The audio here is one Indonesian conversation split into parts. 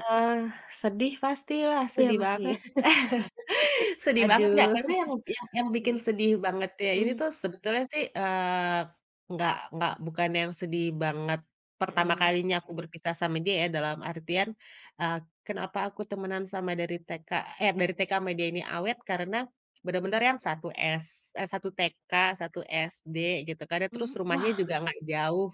Eee, sedih pasti lah, Iya sedih masih. banget. Sedih banget, Kak, Aduh. karena yang yang Mhm bikin sedih bangetnya ini mhm. tuh sebetulnya sih, eee, nggak nggak bukan yang sedih banget pertama Mhm. kalinya aku berpisah sama dia ya, dalam artian, eee, kenapa aku temenan sama dari TK eh, dari TK sama dia ini awet karena bener-bener yang 1 s eh 1 TK, 1 SD, gitu kan ya, terus Mhm, rumahnya wah! juga nggak jauh,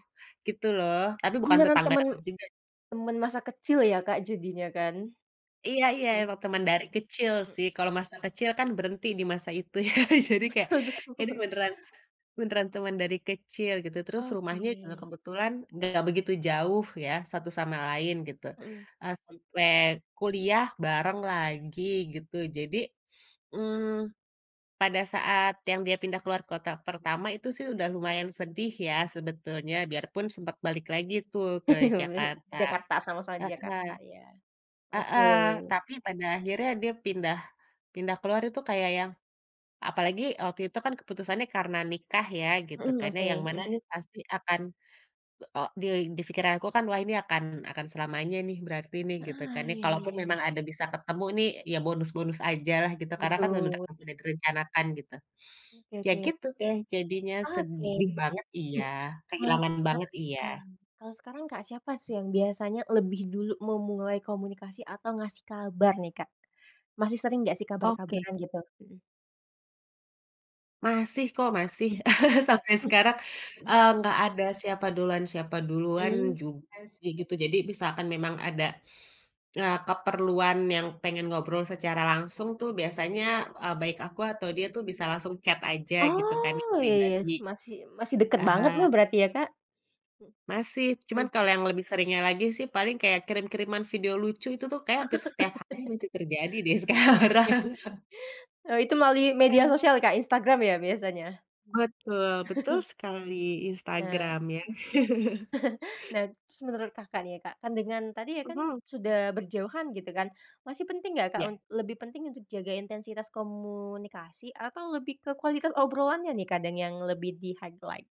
gitu loh, tapi bukan Beneran tetangga temen deket juga. temen masa kecil ya, Kak, jadinya kan? Iya iya Mhm. emang teman dari kecil sih. Kalau masa kecil kan berhenti di masa itu ya. Jadi kayak, Betul ini betul. beneran beneran teman dari kecil gitu. Terus rumahnya juga Oke. kebetulan nggak begitu jauh ya satu sama lain gitu, Mhm. eee, sampai kuliah bareng lagi gitu. Jadi, mmm, pada saat yang dia pindah keluar kota pertama itu sih udah lumayan sedih ya sebetulnya biarpun sempet balik lagi tuh ke [unintelligible] Jakarta Jakarta sama-sama di Jakarta [unintelligible] iya, heeh, oke. tapi pada akhirnya dia pindah pindah keluar itu kayak yang apalagi waktu itu kan keputusannya karena nikah ya gitu kan, Mhm, karena yang oke, mana mhm. nih pasti akan, eee, di pikiranku kan wah ini akan akan selamanya nih berarti nih, Heeh, gitukan iya iya kalaupun iya. ada bisa ketemu nih ya bonus-bonus aja lah gitu karena kan [unintelligible] memang Betul. sudah direncanakan gitu. Oke Ya oke. gitu deh jadinya, Oke. sedih banget iya Kalau kehilangan banget sekarang iya. eee, kalau sekarang, Kak, siapa sih yang biasanya lebih dulu memulai komunikasi atau ngasih kabar nih, Kak? Masih sering gak sih Oke. kabar-kabaran gitu? Mhm. Masih kok, masih, Mmm. sampai sekarang, eee, nggak ada siapa duluan siapa duluan Mmm. juga sih, gitu jadi misalkan memang ada, eee, keperluan yang pengen ngobrol secara langsung tuh biasanya, eee, baik aku atau dia tuh bisa langsung chat aja gitu kan Oh, iya iya, pribadi, masih masih dekat banget lah heeh. berarti ya, Kak? Masih, cuman Mhm. kalau yang lebih seringnya lagi sih paling kayak kirim-kiriman video lucu itu tuh kayaknya hampir setiap hari masih terjadi deh sekarang. Eee, itu melalui media Mhm. sosial, Kak, Instagram ya biasanya? Betul betul sekali Nah Instagram ya. Nah, terus menurut, Kakak, nih ya, Kak, kan dengan tadi ya kan Mhm. sudah berjauhan gitu kan masih penting nggak, Kak, un Iya. lebih penting untuk jaga intensitas komunikasi atau lebih ke kualitas obrolannya nih kadang yang lebih di highlight?